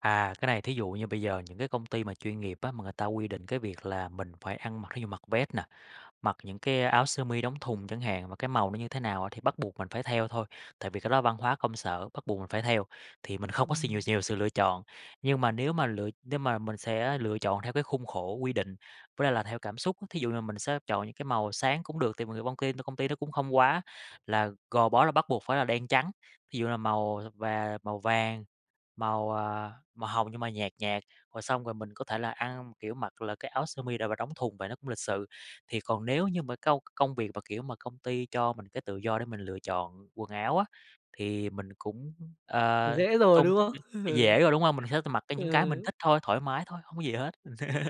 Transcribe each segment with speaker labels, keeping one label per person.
Speaker 1: À, cái này thí dụ như bây giờ những cái công ty mà chuyên nghiệp á, mà người ta quy định cái việc là mình phải ăn mặc, thí dụ mặc vest nà, mặc những cái áo sơ mi đóng thùng chẳng hạn, mà cái màu nó như thế nào thì bắt buộc mình phải theo thôi, tại vì cái đó văn hóa công sở, bắt buộc mình phải theo. Thì mình không có s nhiều
Speaker 2: Ừm.
Speaker 1: nhiều sự lựa chọn. Nhưng mà nếu mà lựa nếu mà mình sẽ lựa chọn theo cái khung khổ quy định, với lại là theo cảm xúc, thí dụ như mình sẽ chọn những cái màu sáng cũng được, tại vì nhiều công ty công ty đó cũng không quá là gò bó là bắt buộc phải là đen trắng. Thí dụ như là màu th và màu vàng, màu, ờ, màu hồng nhưng mà nhạt nhạt, rồi xong rồi mình có thể là ăn, kiểu, mặc là áo sơ mi đ và đóng thùng và nó cũng lịch sự. Thì còn nếu như mà câu công việc mà, kiểu, mà công ty cho mình cái tự do để mình lựa chọn quần áo á, thì mình cũng,
Speaker 2: Thì
Speaker 1: ờ,
Speaker 2: dễ rồi,
Speaker 1: tôn
Speaker 2: đúng
Speaker 1: trọng
Speaker 2: không? Ừ.
Speaker 1: dễ rồi, đúng không? Mình sẽ t mặc cái những cái mình
Speaker 2: Ừ.
Speaker 1: thích thôi, thoải mái thôi, hông có gì hết.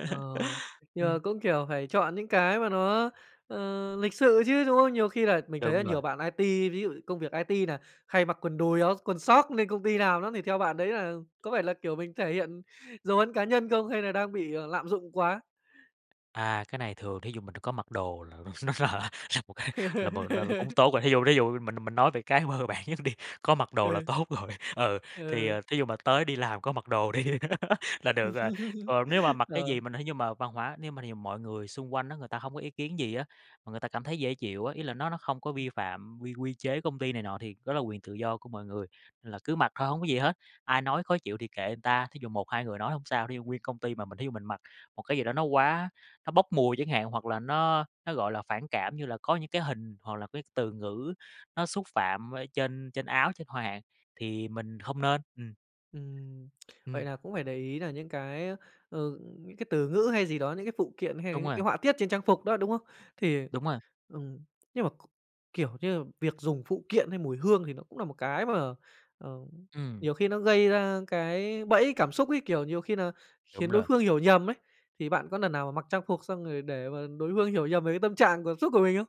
Speaker 2: Ờ, nhưng mà
Speaker 1: Ừm.
Speaker 2: cũng, kiểu, phải chọn những cái mà nó, ờ, lịch sự chứ, đúng không? Nhiều khi là mình thấy
Speaker 1: Đúng
Speaker 2: là
Speaker 1: rồi.
Speaker 2: nhiều bạn IT, ví dụ công việc IT nà hay mặc quần đùi áo quần soóc lên công ty làm lắm, thì theo bạn đấy là có phải là, kiểu, mình thể hiện dấu ấn cá nhân không hay là đang bị, à, lạm dụng quá.
Speaker 1: À, cái này thường thí dụ mình đã có mặc đồ là nó là là một cái, là một là là cũng tốt rồi, thí dụ, thí dụ mình mình nói về cái mơ bản nhất đi, có mặc đồ là
Speaker 2: Ừ.
Speaker 1: tốt rồi, ừ, thì
Speaker 2: Ừ.
Speaker 1: thí dụ mà tới đi làm có mặc đồ đi là được rồi. Còn nếu mà mặc cái
Speaker 2: Ờ.
Speaker 1: gì mà nếu như mà văn hóa nếu mà thí dụ mọi người xung quanh á, người ta hông có ý kiến gì á, mà người ta cảm thấy dễ chịu á, ý là nó nó không có vi phạm quy quy chế công ty này nọ thì đó là quyền tự do của mọi người, nên là cứ mặc thôi hông có gì hết, ai nói khó chịu thì kệ người ta. Thí dụ 1-2 người nói không sao, thí dụ nguyên công ty mà mình thí dụ mình mặc một cái gì đó nó quá nó bốc mùi chẳng hạn, hoặc là nó nó, gọi là, phản cảm như là có những cái hình hoặc là cái từ ngữ nó xúc phạm ở trên trên áo trên hoa hạn thì mình hông nên. Ừm.
Speaker 2: Ừm. Vậy
Speaker 1: Ừm.
Speaker 2: là cũng phải để ý nà những cái, ờ, những cái từ ngữ hay gì đó, những cái phụ kiện hay là
Speaker 1: Đúng
Speaker 2: những
Speaker 1: rồi.
Speaker 2: cái họa tiết trên trang phục đó, đúng không? Thì
Speaker 1: Đúng rồi.
Speaker 2: ừm, nhưng mà c kiểu, như là việc dùng phụ kiện hay mùi hương thì nó cũng nà một cái mà, ờ,
Speaker 1: Ừm.
Speaker 2: nhiều khi nó gây ra cái bẫy cảm xúc ấy, kiểu, nhiều khi nà khiến
Speaker 1: Đúng
Speaker 2: đối
Speaker 1: luôn.
Speaker 2: phương hiểu nhầm ấy, thì bạn có lần nào mà mặc trang phục xong rồi để mà đối hương hiểu nhầm về cái tâm trạng cảm xúc của mình không?